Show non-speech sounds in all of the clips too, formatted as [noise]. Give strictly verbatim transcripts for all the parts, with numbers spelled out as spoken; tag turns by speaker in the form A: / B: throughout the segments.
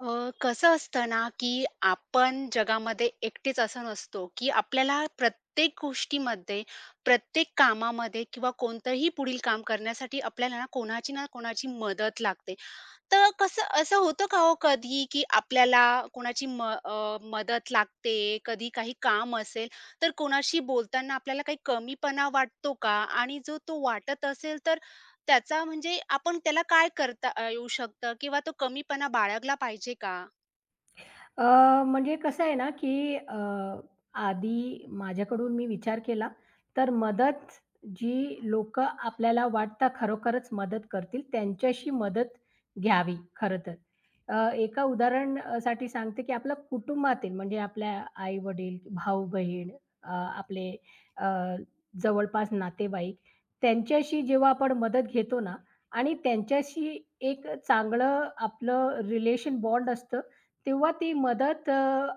A: अ, कसं असतं ना, की आपण जगामध्ये एकटेच असं नसतो, की आपल्याला प्रत्येक गोष्टीमध्ये, प्रत्येक कामामध्ये, किंवा कोणतं ही पुढील काम करण्यासाठी आपल्याला ना कोणाची ना कोणाची मदत लागते. तर कसं असं होतं का हो कधी, की आपल्याला कोणाची म अ, मदत लागते? कधी काही काम असेल, तर कोणाशी बोलताना आपल्याला काही कमीपणा वाटतो का? आणि जो तो वाटत असेल, तर त्याचा म्हणजे आपण त्याला काय करता अ, येऊ शकतं? किंवा तो कमीपणा बाळगला पाहिजे का?
B: अ, म्हणजे कसं आहे ना, की अ, आधी माझ्याकडून मी विचार केला, तर मदत जी लोकं आपल्याला वाटतं खरोखरच मदत करतील, त्यांच्याशी मदत घ्यावी, खरं तर. अ, एका उदाहरण अ, साठी सांगते, की आपल्या कुटुंबातील, म्हणजे आपल्या आई-वडील, भाऊ-बहीण अ, आपले अ, जवळपास नातेवाईक त्यांच्याशी जेव्हा आपण मदत घेतो ना, आणि त्यांच्याशी एक अ, चांगलं आपलं रिलेशन बॉन्ड असतं. तेव्हा ती मदत अ,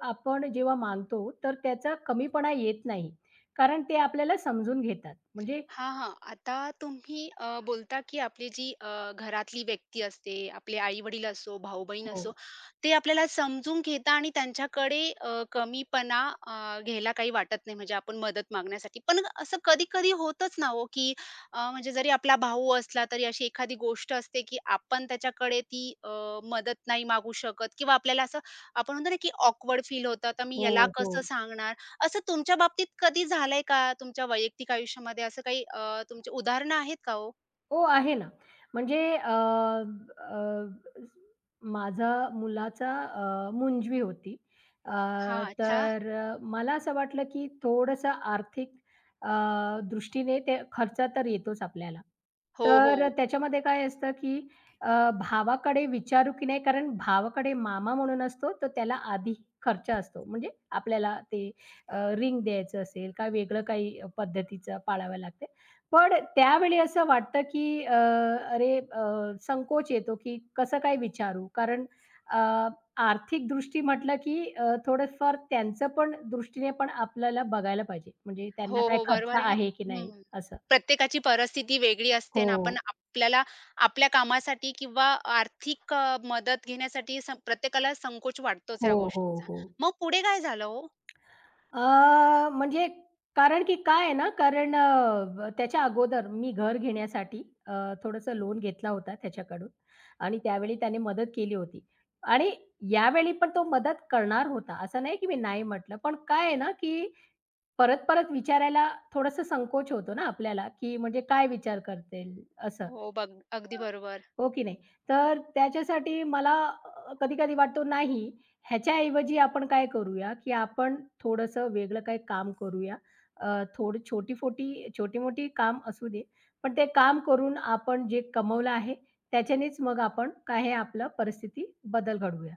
B: आपण जेव्हा मागतो तर त्याचा कमीपणा येत नाही, कारण ते आपल्याला समजून घेतात. म्हणजे
A: हां, हां. आता तुम्ही अ, बोलता की आपली जी अ, घरातली व्यक्ती असते, आपले आई-वडील असो, भाऊ-बहीण असो.
B: हो.
A: ते आपल्याला समजून घेता आणि त्यांच्याकडे अ, कमीपणा अ, घ्यायला काही वाटत नाही, म्हणजे आपण मदत मागण्यासाठी. पण असं कधी-कधी होतच ना हो, की अ, म्हणजे जरी आपला भाऊ असला, तरी अशी एखादी गोष्ट असते, की आपण त्याच्याकडे ती अ, मदत नाही मागू शकत, किंवा आपल्याला असं आपण म्हणतो ना, की ऑकवर्ड फील होतं, "आता मी ह्याला
B: हो,
A: कसं
B: हो.
A: सांगणार?" असं तुमच्या बाबतीत कधी झालं आहे का, तुमच्या वैयक्तिक आयुष्यामध्ये असं काही अ तुमची उदाहरणं आहेत का हो?
B: हो, आहे ना. म्हणजे अ, अ, माझा मुलाचा अ, मुंजवी होती. अ,
A: हां. अच्छा.
B: तर अ, मला असं वाटलं, की थोडंसं आर्थिक अ, दृष्टीने ते खर्च तर येतोच आपल्याला,
A: हो,
B: तर
A: हो.
B: त्याच्यामध्ये काय असतं, की अ, भावाकडे विचारू की नाही कारण भावाकडे मामा म्हणून असतो, तर त्याला आधी खर्च असतो म्हणजे आपल्याला ते अ, रिंग द्यायचं असेल, काय वेगळं काही पद्धतीचं पाळावं लागते. पण त्यावेळी असं वाटतं, की अ, अरे अ, संकोच येतो, की कसं काय विचारू कारण अ, आर्थिकदृष्टी म्हटलं, की अ, थोडेफार त्यांचं पण दृष्टीने पण आपल्याला बघायला पाहिजे, म्हणजे त्यांना
A: हो,
B: काही
A: हो,
B: खर्च
A: बरोबर आहे ना
B: आहे की नाही
A: हं,
B: असं.
A: प्रत्येकाची परिस्थिती वेगळी असते अन् आपण
B: हो.
A: आपल्याला आपल्या कामासाठी किंवा आर्थिक अ, मदत घेण्यासाठी स प्रत्येकाला संकोच वाटतोच
B: हो,
A: ह्या
B: हो,
A: गोष्टीचा.
B: हो.
A: मग पुढे काय झालं हो?
B: अ, म्हणजे कारण की काय आहे ना कारण अ, त्याच्या अगोदर मी घर घेण्यासाठी अ, थोडंसं लोन घेतला होता त्याच्याकडून आणि त्यावेळी त्याने मदत केली होती आणि यावेळी पण तो मदत करणार होता, असं नाही, की मी नाही म्हटलं. पण काय आहे ना, की परत-परत विचारायला थोडंसं संकोच होतो ना आपल्याला, की म्हणजे काय विचार करतील असं.
A: हो, बघ.
B: अ,
A: अगदी बरोबर.
B: हो की नाही. तर त्याच्यासाठी मला अ, कधी-कधी वाटतो नाही, ह्याच्याऐवजी आपण काय करूया, की आपण थोडंसं वेगळं काही काम करूया. अ, थोड छोटी-फोठी छोटी-मोठी काम असू दे. पण ते काम करून आपण जे कमवलं आहे त्याच्यानेच मग आपण काय हे आपलं परिस्थिती बदल घडवूया.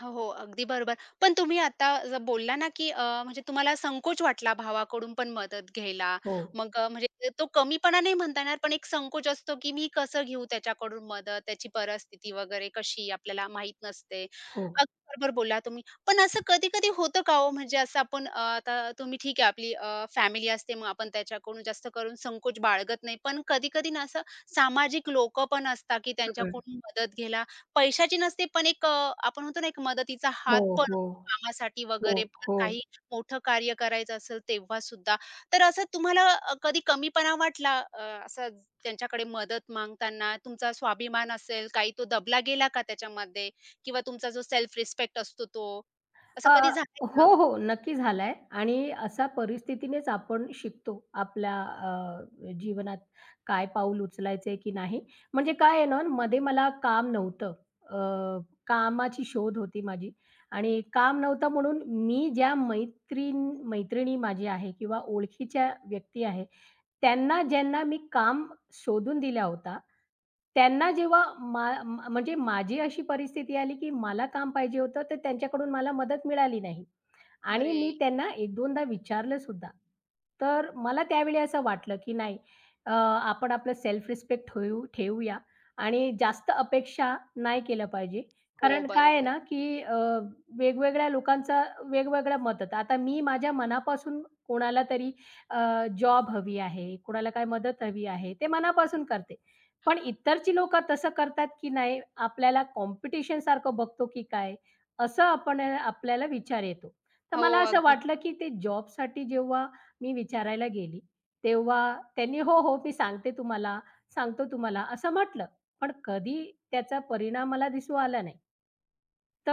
A: हो, हो. अगदी बरोबर. पण तुम्ही आता जर बोलला ना, की अ, म्हणजे तुम्हाला संकोच वाटला भावाकडून पण मदत घ्यायला.
B: हो.
A: मग अ, म्हणजे तो कमीपणा नाही म्हणता येणार पण एक संकोच असतो, की "मी कसं घेऊ त्याच्याकडून मदत?" त्याची परिस्थिती वगैरे कशी आपल्याला माहित नसते.
B: हो.
A: अगदी बरोबर बोलला तुम्ही, पण असं कधी-कधी होतं का हो, म्हणजे असं आपण अ, आता तुम्ही ठीक आहे आपली अ, फॅमिली असते, मग आपण त्याच्याकडून जास्त करून संकोच बाळगत नाही. पण कधी-कधी ना असं सामाजिक लोकं पण असतात, की
B: हं.
A: त्यांच्याकडून मदत घ्यायला पैशाची नसते, पण एक अ, आपण म्हणतो ना, एक मदतीचा
B: हो,
A: हात पण
B: हो.
A: कामासाठी
B: हो,
A: वगैरे पण
B: हो.
A: काही मोठं कार्य करायचं असेल, तेव्हासुद्धा. तर असं तुम्हाला अ, कधी कमीपणा वाटला अ, असंच त्यांच्याकडे मदत मागताना. तुमचा स्वाभिमान असेल काही, तो दबला गेला का त्याच्यामध्ये किंवा तुमचा जो सेल्फ रिस्पेक्ट असतो तो, असं
B: अ,
A: कधी झालंय
B: हो,
A: का?
B: हो. नक्की झालाय आणि अशा परिस्थितीनेच आपण शिकतो. आपल्या अ, अ जीवनात काय पाऊल उचलायचंय की नाही. म्हणजे काय आहे ना, मध्ये मला काम नव्हतं. अ, कामाची शोध होती माझी आणि काम नव्हतं म्हणून मी ज्या मैत्रीन मैत्रिणी माझी आहे किंवा ओळखीच्या व्यक्ती आहे, त्यांना ज्यांना मी काम शोधून दिला होता. त्यांना जेव्हा मा म्हणजे माझी अशी परिस्थिती आली, की मला काम पाहिजे होतं, तर त्यांच्याकडून मला मदत मिळाली नाही. आणि मी
A: अरे!
B: त्यांना एक दोनदा विचारलंसुद्धा. तर मला त्यावेळी असं वाटलं की नाही, अ, आपण आपलं सेल्फ रिस्पेक्ट ठेऊ ठेऊया आणि जास्त अपेक्षा नाही केलं पाहिजे
A: हो,
B: कारण काय आहे
A: बरोबर.
B: ना, की अ, वेगवेगळ्या लोकांचा वेगवेगळं मदत. आता मी माझ्या मनापासून कोणाला तरी अ, जॉब हवी आहे, कोणाला काय मदत हवी आहे ते मनापासून करते. पण इतरची लोकं तसं करतात की नाही, आपल्याला कॉम्पिटिशनसारखं बघतो की काय, असं आपण आपल्याला विचार येतो. तर
A: हो,
B: मला असं
A: अगदी
B: वाटलं, की ते जॉबसाठी जेव्हा मी विचारायला गेली, तेव्हा त्यांनी "हो, हो, मी सांगते तुम्हाला, सांगतो तुम्हाला." असं म्हटलं. पण कधी त्याचा परिणाम मला दिसू आला नाही.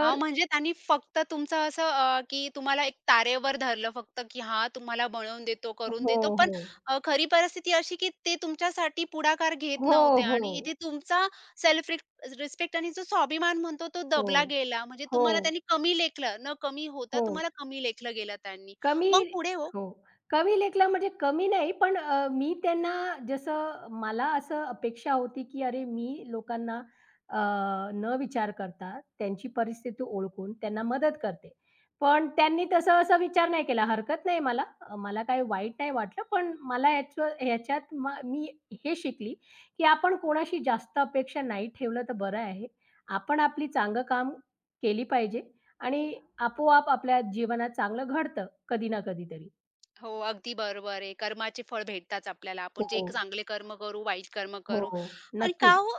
A: हां, म्हणजे त्यांनी फक्त तुमचं असं अ, की तुम्हाला एक तारेवर धरलं फक्त की "हां, तुम्हाला बनवून देतो, करून
B: हो,
A: देतो." पण
B: हो.
A: अ, खरी परिस्थिती अशी, की ते तुमच्यासाठी पुढाकार घेत
B: हो,
A: नव्हते आणि इथे
B: हो.
A: तुमचा सेल्फ रिस्प रिस्पेक्ट आणि जो स्वाभिमान म्हणतो तो दबला
B: हो.
A: गेला. म्हणजे तुम्हाला
B: हो.
A: त्यांनी कमी लेखलं. न कमी होता
B: हो.
A: तुम्हाला कमी लेखलं गेलं त्यांनी.
B: कमी
A: मग पुढे हो?
B: हो, कमी लेखलं म्हणजे कमी नाही पण अ, मी त्यांना जसं मला असं अपेक्षा होती की अरे, मी लोकांना अ, न विचार करता, त्यांची परिस्थिती ओळखून त्यांना मदत करते, पण त्यांनी तसं असा विचार नाही केला. हरकत नाही मला. अ, मला काही वाईट नाही वाटलं. पण मला ह्याचं ह्याच्यात म मी हे शिकली, की आपण कोणाशी जास्त अपेक्षा नाही ठेवलं तर बरं आहे. आपण आपली चांगलं काम केली पाहिजे आणि आपोआप आपल्या जीवनात चांगलं घडतं, कधी ना कधीतरी.
A: हो, अगदी बरोबर आहे. कर्माचे फळ भेटतात आपल्याला. आपण जे क
B: हो.
A: चांगले कर्म करू, वाईट कर्म करू
B: हो.
A: आणि का
B: नक्कीच.
A: हो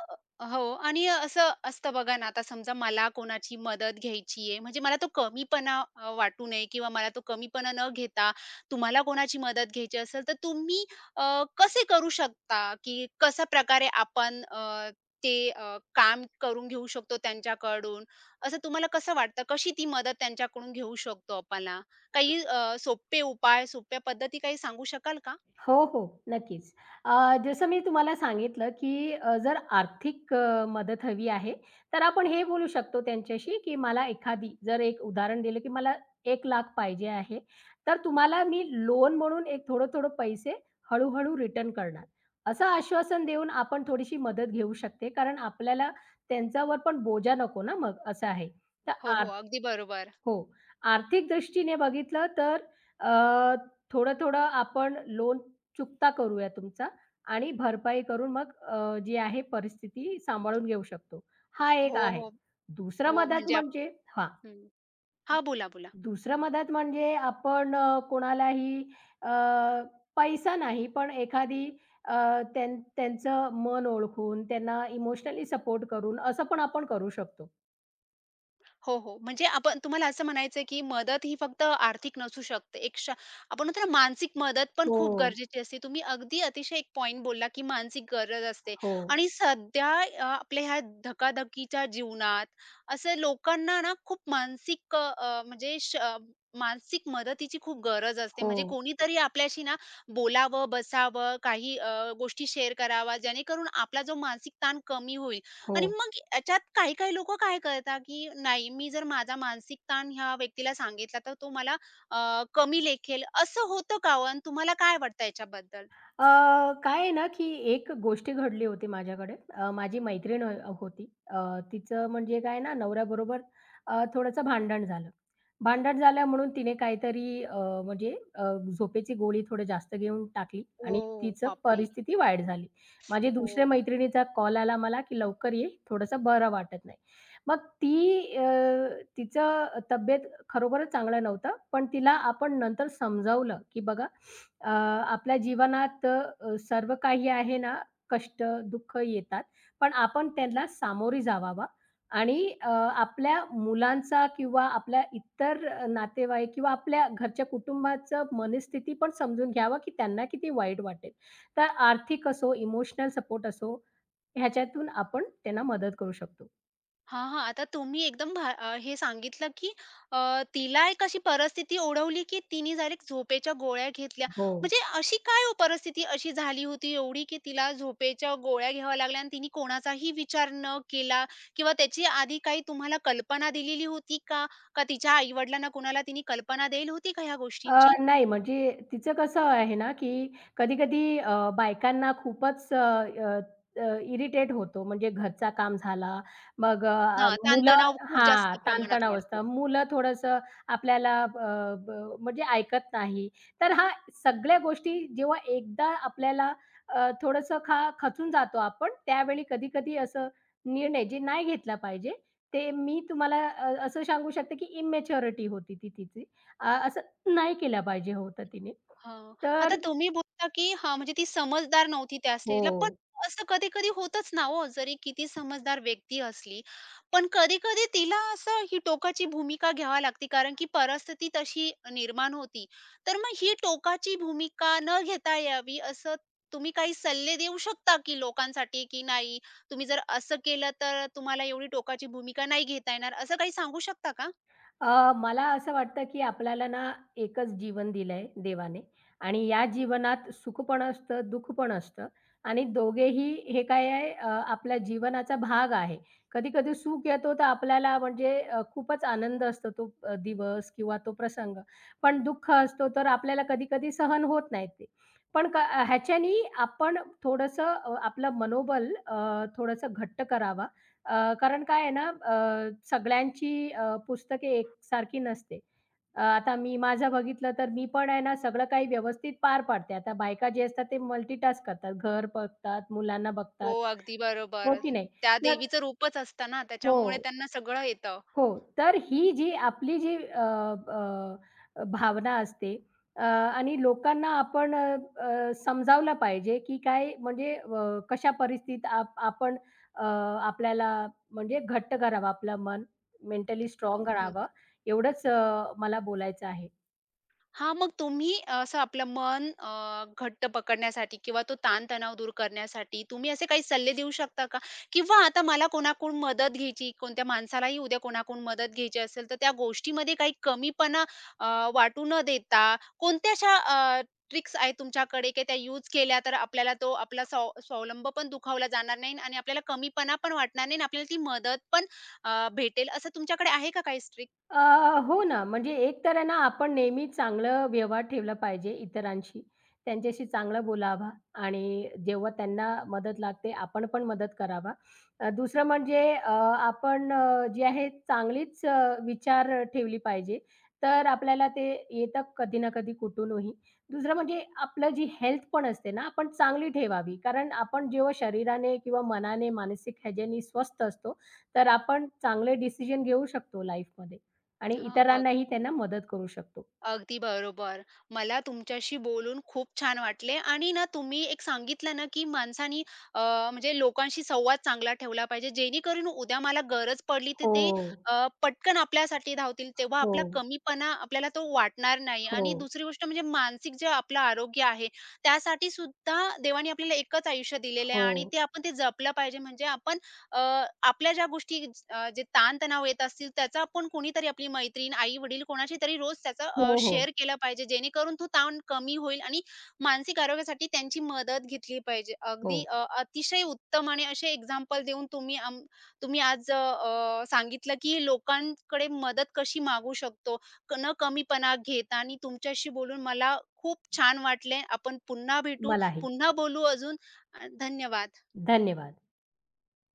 A: हो आणि अ, असं असतं बघा ना, आता समजा मला कोणाची मदत घ्यायची आहे. म्हणजे मला तो कमीपणा अ, वाटू नये किंवा मला तो कमीपणा न घेता, तुम्हाला कोणाची मदत घ्यायची असेल, तर तुम्ही अ, कसे करू शकता, की कशाप्रकारे आपण अ, ते अ, काम करून घेऊ शकतो त्यांच्याकडून असं तुम्हाला कसं वाटतं, कशी ती मदत त्यांच्याकडून घेऊ शकतो आपणा? काही
B: [unintelligible]
A: अ, सोपे उपाय, सोप्या पद्धती काही सांगू शकाल का?
B: हो, हो. नक्कीच. अ, जसं मी तुम्हाला सांगितलं की अ, जर आर्थिक अ, मदत हवी आहे, तर आपण हे बोलू शकतो त्यांच्याशी की मला एखादी, जर एक उदाहरण दिलं, की मला एक लाख पाहिजे आहे, तर तुम्हाला मी लोन म्हणून एक थोडं-थोडं पैसे हळू-हळू रिटर्न करणार. असं आश्वासन देऊन आपण थोडीशी मदत घेऊ शकते कारण आपल्याला त्यांच्यावर पण बोजा नको ना मग असं आहे. तर
A: हो, हो.
B: आर
A: अगदी बरोबर.
B: हो, आर्थिकदृष्टीने बघितलं, तर अ, थोडं-थोडं आपण लोन चुकता करूया तुमचा आणि भरपाई करून मग अ, जी आहे परिस्थिती सांभाळून घेऊ शकतो, हा एक
A: हो,
B: आहे.
A: हो.
B: दुसरा
A: हो.
B: मदत
A: म्हणजे आप
B: म्हणजे हां
A: हं. हां, बोला, बोला.
B: दुसरं मदत म्हणजे आपण अ, कोणालाही अ, पैसा नाही, पण एखादी अ, त्यां त्यांचं मन ओळखून, त्यांना इमोशनली सपोर्ट करून असं पण आपण करू शकतो.
A: हो, हो, म्हणजे आपण तुम्हाला असं म्हणायचंय, की मदतही फक्त आर्थिक नसू शकते. एक श आपण म्हणतो ना, मानसिक मदत पण खूप
B: हो.
A: गरजेची असते. तुम्ही अगदी अतिशय एक पॉइंट बोलला, की मानसिक गरज असते.
B: हो.
A: आणि सध्या य अ, आपल्या ह्या धकाधकीच्या जीवनात असं लोकांना ना, खूप मानसिक अ, अ, म्हणजे श मानसिक मदतीची खूप गरज असते, म्हणजे
B: हो.
A: कोणीतरी आपल्याशी ना बोलावं, बसावं काही अ, गोष्टी शेअर करावा, जेणेकरून आपला जो मानसिक ताण कमी होईल आणि
B: हो.
A: मग ह्याच्यात काही-काही लोकं काय करतात, की नाही, मी जर माझा मानसिक ताण ह्या व्यक्तीला सांगितला, तर तो मला अ, कमी लेखेल असं होतं का ओ, अन तुम्हाला काय वाटतं याच्याबद्दल?
B: अ, काय आहे ना, की एक गोष्ट घडली होती माझ्याकडे. अ, माझी मैत्रीण अ, होती. अ, तिचं म्हणजे काय आहे ना, नवऱ्याबरोबर अ, थोडंसं भांडण झालं. भांडण झालं म्हणून तिने काहीतरी अ, म्हणजे अ, झोपेची गोळी थोडी जास्त घेऊन टाकली आणि
A: ओ,
B: तिची
A: बापरे!
B: परिस्थिती वाईट झाली. माझ्या दुसऱ्या
A: हो.
B: मैत्रिणीचा कॉल आला मला, की लवकर ये, थोडंसं बरं वाटत नाही. मग ती अ, तिचं तब्येत खरोखरच चांगल नव्हत. पण तिला आपण नंतर समजावलं, की बघा अ, आपल्या जीवनात अ, अ, सर्व काही आहे ना, कष्ट, दुःख येतात, पण आपण त्यांना सामोरे जवावा आणि अ, आपल्या मुलांचा किंवा आपल्या इतर अ, नातेवाईक किंवा आपल्या घरच्या कुटुंबाच मनस्थिती पण समजून घ्यावी, की त्यांना किती वाईट वाटेल. तर आर्थिक असो, इमोशनल सपोर्ट असो, ह्याच्यातून आपण त्यांना मदत करू शकतो.
A: हां, हां. आता तुम्ही एकदम भा अ, हे सांगितलं, की अ, तिला एक अशी परिस्थिती ओढवली, की तिने डायरेक्ट झोपेच्या गोळ्या घेतल्या,
B: हो.
A: म्हणजे अशी काय हो परिस्थिती अशी झाली होती एवढी, की तिला झोपेच्या गोळ्या घ्याव्या लागल्या आणि तिनी कोणाचाही विचार न केला किंवा त्याची आधी काही तुम्हाला कल्पना दिलेली होती का? का तिच्या आई-वडिलांना कोणाला तिने कल्पना देयेल होती का ह्या
B: अ,
A: गोष्टींची?
B: नाही म्हणजे तिचं कसं आहे ना, की कधी-कधी अ, बायकांना खूपच अ, अ, अ इरिटेट होतो, म्हणजे घरचा काम झाला, मग अ, अ
A: हां,
B: मुलं
A: ताणतणाव खूप
B: हां,
A: जास्त प्रमाणात
B: ताण-तणाव
A: वाढतो.
B: असता, मुलं थोडंसं आपल्याला अ, ब म्हणजे ऐकत नाही, तर हा सगळ्या गोष्टी. जेव्हा एकदा आपल्याला अ, थोडंसं खा खचून जातो आपण, त्यावेळी कधी-कधी असं निर्णय जे नाही घेतला पाहिजे, ते मी तुम्हाला अ असं सांगू शकते, की इमेच्युरिटी होती ती तिची. अ, असं नाही केलं पाहिजे होतं तिने.
A: हां. आता
B: तर
A: तुम्ही बोलता, की हां, म्हणजे ती समजदार नव्हती त्या स्टेजला, पण
B: हो.
A: असं कधी-कधी होतच ना हो, जरी किती समजदार व्यक्ती असली, पण कधी-कधी तिला असं ही टोकाची भूमिका घ्यावी लागते कारण की परिस्थिती तशी निर्माण होती. तर मग ही टोकाची भूमिका न घेता यावी, असं तुम्ही काही सल्ले देऊ शकता की लोकांसाठी, की नाही, तुम्ही जर असं केलं, तर अ, तुम्हाला एवढी टोकाची भूमिका नाही घेता येणार, असं काही सांगू शकता का?
B: अ, मला असं वाटतं, की आपल्याला ना एकच जीवन दिलंय देवाने आणि या जीवनात सुख पण असतं, दुःख पण असतं आणि दोघेही हे काय आहे अ, आपल्या जीवनाचा भाग आहे. कधी-कधी सुख येतो, तर आपल्याला म्हणजे अ, खूपच आनंद असतो तो अ, दिवस किंवा तो प्रसंग. पण दुःख असतो, तर आपल्याला कधी-कधी सहन होत नाहीत ते. पण क अ, ह्याच्यानी आपण थोडंसं अ, आपलं मनोबल अ, थोडंसं घट्ट करावा. अ, कारण काय आहे ना, अ, सगळ्यांची अ, पुस्तके एकसारखी नसते. अ, आता मी माझं बघितलं, तर मी पण आहे ना, सगळं काही व्यवस्थित पार पाडते. आता बायका जे असतात, ते मल्टीटास्क करतात. घर बघतात, मुलांना बघतात.
A: हो, अगदी
B: हो,
A: बरोबर.
B: की नाही.
A: त्या
B: [unintelligible]
A: देवीचं रूपच असतं ना, त्याच्यामुळे
B: हो.
A: त्यांना सगळं येतं.
B: हो. तर ही जी आपली जी अ, अ, अ, भावना असते अ, आणि लोकांना आपण अ, अ, समजावलं पाहिजे, की काय म्हणजे व कशा परिस्थितीत आप आपण अ, आपल्याला म्हणजे घट्ट करावं, आपलं मन मेंटली
A: अ,
B: स्ट्राँग
A: हं,
B: करावं,
A: हं.
B: एवढंच अ, मला बोलायचं आहे.
A: हां, मग तुम्ही असं आपलं मन अ, घट्ट पकडण्यासाठी किंवा तो ताण-तणाव दूर करण्यासाठी, तुम्ही असे काही सल्ले देऊ शकता का? किंवा आता मला कोणाकडून मदत घ्यायची, कोणत्या माणसालाही उद्या कोणाकडून मदत घ्यायची असेल, तर त्या गोष्टीमध्ये काही कमीपणा अ, वाटू न देता कोणत्या अशा अ, ट्रिक्स आहेत तुमच्याकडे, की त्या यूज केल्यातर आपल्याला तो आपला स्वाव स्वावलंब पण दुखावला जाणार नाही आणि आपल्याला कमीपणा पण वाटणार नाही आणि आपल्याला ती मदत पण अ, भेटेल असं तुमच्याकडे आहे का काही स्ट्रिक?
B: अ, हो ना. म्हणजे एक तर ना आपण नेहमी चांगला व्यवहार ठेवला पाहिजे इतरांशी. त्यांच्याशी चांगला बोलावा आणि जेव्हा त्यांना मदत लागते, आपण पण मदत करावा. दुसरं म्हणजे अ, आपण अ, जे आहे चांगलीच अ, विचार अ, ठेवली पाहिजे, तर आपल्याला ते येतं कधी ना कधी कुठूनही. दुसरं म्हणजे आपलं जी हेल्थ पण असते ना, आपण चांगली ठेवावी कारण आपण जेव्हा शरीराने किंवा मनाने मानसिक ह्याच्यानी स्वस्थ असतो, तर आपण चांगले डिसिजन घेऊ शकतो लाईफमध्ये आणि
A: हां, बघ.
B: इतरांनाही त्यांना मदत करू शकतो.
A: अगदी बरोबर. मला तुमच्याशी बोलून खूप छान वाटले आणि ना तुम्ही एक सांगितलं ना, की माणसानी अ, म्हणजे लोकांशी संवाद चांगला ठेवला पाहिजे, जेणेकरून उद्या मला गरज पडली तर ते,
B: हो.
A: अ, पटकन आपल्यासाठी धावतील, तेव्हा आपला
B: हो.
A: कमीपणा आपल्याला तो वाटणार नाही. आणि
B: हो.
A: दुसरी गोष्ट म्हणजे मानसिक जे आपलं आरोग्य आहे. त्यासाठीसुद्धा देवाने आपल्याला एकच आयुष्य दिलेलं आहे आणि
B: हो.
A: ते आपण ते जपलं पाहिजे. म्हणजे आपण अ, आपल्या ज्या गोष्टी अ, जे ताण-तणाव येत असतील, त्याचा आपण कोणीतरी आपली मैत्रीण, आई-वडील कोणाशीतरी रोज त्याचं अ,
B: हो, हो.
A: शेअर केलं पाहिजे, जेणेकरून तो ताण कमी होईल आणि मानसिक आरोग्यासाठी त्यांची मदत घेतली पाहिजे. अगदी
B: हो.
A: अ, अतिशय उत्तम आणि असे एक्झाम्पल देऊन तुम्ही आम्ह तुम्ही आज अ, अ, सांगितलं, की लोकांकडे मदत कशी मागू शकतो, क न कमीपणा घेता आणि तुमच्याशी बोलून मला खूप छान वाटले. आपण पुन्हा भेटू,
B: मलाही.
A: पुन्हा बोलू अजून अ, धन्यवाद.
B: धन्यवाद.